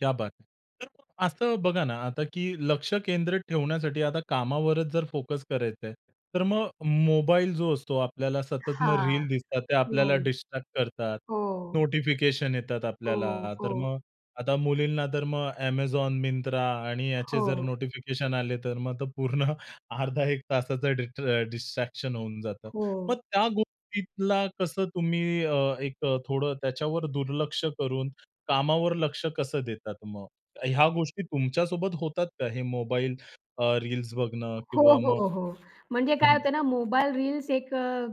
क्या बात हैं! तर असं बघा ना आता की लक्ष केंद्रित ठेवण्यासाठी आता कामावरच जर फोकस करायचंय, तर मग मोबाईल जो असतो आपल्याला सतत मग हां. रील दिसतात ते आपल्याला हो. डिस्ट्रॅक्ट करतात. हो. नोटिफिकेशन येतात हो, आपल्याला, तर हो. मग आता मुलींना तर मग Amazon, मिंत्रा आणि याचे जर हो. नोटिफिकेशन आले तर मग पूर्ण अर्धा एक तासाचं डिस्ट्रॅ डिस्ट्रॅक्शन होऊन जातं. मग हो. त्या गोष्टीला कसं तुम्ही अ, एक अ, थोडं त्याच्यावर दुर्लक्ष करून कामावर लक्ष कसं देतात मग? ह्या गोष्टी तुमच्यासोबत होतात का? हे मोबाईल अ, रील्स बघणं हो, किंवा मग, हो, हो. म्हणजे काय हं. होते ना, मोबाईल रील्स एक अ,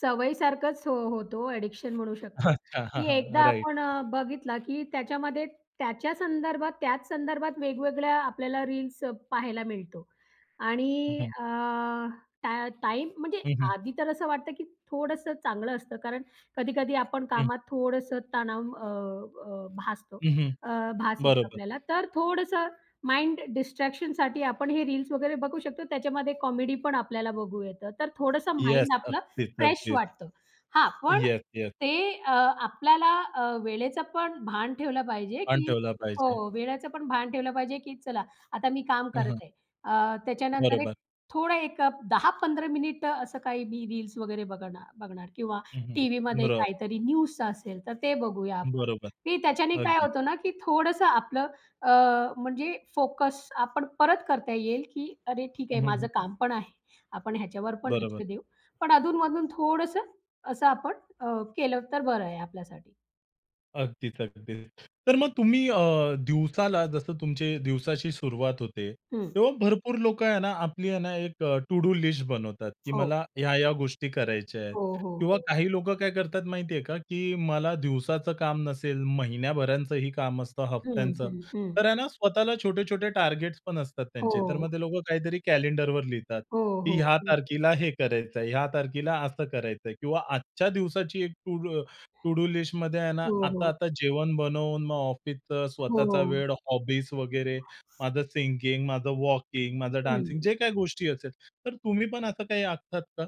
सवयी सारखंच हो होतो. अ‍ॅडिक्शन म्हणू शकतात. अच्छा! हां, की एकदा हां. राइट. आपण अ, बघितला की त्याच्यामध्ये त्याच्या संदर्भात त्याच संदर्भात वेगवेगळ्या आपल्याला रील्स अ, पाहायला मिळतो. हं. आणि हं. अ, टा टाईम म्हणजे हं, हं. आधी तर असं वाटतं की थोडंसं चांगलं असतं कारण कधी-कधी आपण हं. कामात थोडंसं तणाव अ, भासतो हं, हं. अ, भास येतो बरोबर. आपल्याला. तर थोडंसं माइंड डिस्ट्रॅक्शनसाठी आपण हे रील्स वगैरे बघू शकतो. त्याच्यामध्ये कॉमेडीपण आपल्याला बघू येतं. तर थोडंसं येस. माइंड आपलं अगदीच, फ्रेश अगदीच. वाटतं. हां. पण येस, येस. ते अ, आपल्याला अ, वेळेचं पण भान ठेवलं पाहिजे भान की ठेवला पाहिजे. हो. वेळेचं पण भान ठेवलं पाहिजे की चला आता मी काम हं, करत हं. आहे. अ, त्याच्यानंतर एक बरोबर. थोडं एक अ, 10-15 मिनिटं असं काही मी रील्स वगैरे बघणार बघणार किंवा हं, हं. टीव्हीमध्ये बरोबर. काहीतरी न्यूज असेल तर ते बघूया आपण बरोबर. की त्याच्याने काय अगदी. होतं ना की थोडंसं आपलं अ, म्हणजे फोकस आपण परत करता येईल, की अरे ठीक हं, आहे हं, माझं हं, हं. काम पण आहे. आपण ह्याच्यावर पण बरोबर. लक्ष देऊ. पण अधून-मधून थोडंसं असं आपण अ, केलं तर बरं आहे आपल्यासाठी. अगदीच. अगदीच. तर मग तुम्ही अ, दिवसाला जसं तुमचे दिवसाची सुरुवात होते. हं. तेव्हा भरपूर लोकं आहे ना आपली आहे ना एक अ, टू डू लिस्ट बनवतात, की हो. मला ह्या-ह्या गोष्टी करायच्या आहेत. हो, हो, किंवा हो. काही लोकं काय करतात माहितीये का की मला दिवसाचं काम नसेल महिन्याभराचंही काम असतं हं, हफ्त्यांचं, हं, हं. तर आहे ना स्वतःला छोटे-छोटे टार्गेट पण असतात त्यांचे, तर हो. मग लोकं काहीतरी कॅलेंडरवर लिहितात हो, की हो, ह्या हो. तारखेला हे करायचंय, ह्या तारखेला असं करायचंय किंवा आजच्या दिवसाची एक टू डू टू डू लिस्टमध्ये आहे .ना हो, आता हो. आता जेवण बनवून मग ऑफिसचं स्वतःचा हो. वेळ हॉबीज वगैरे माझं सिंगिंग, माझं वॉकिंग, माझं डान्सिंग हं. जे काही गोष्टी असेल तर तुम्ही पण असं काही आखतात का?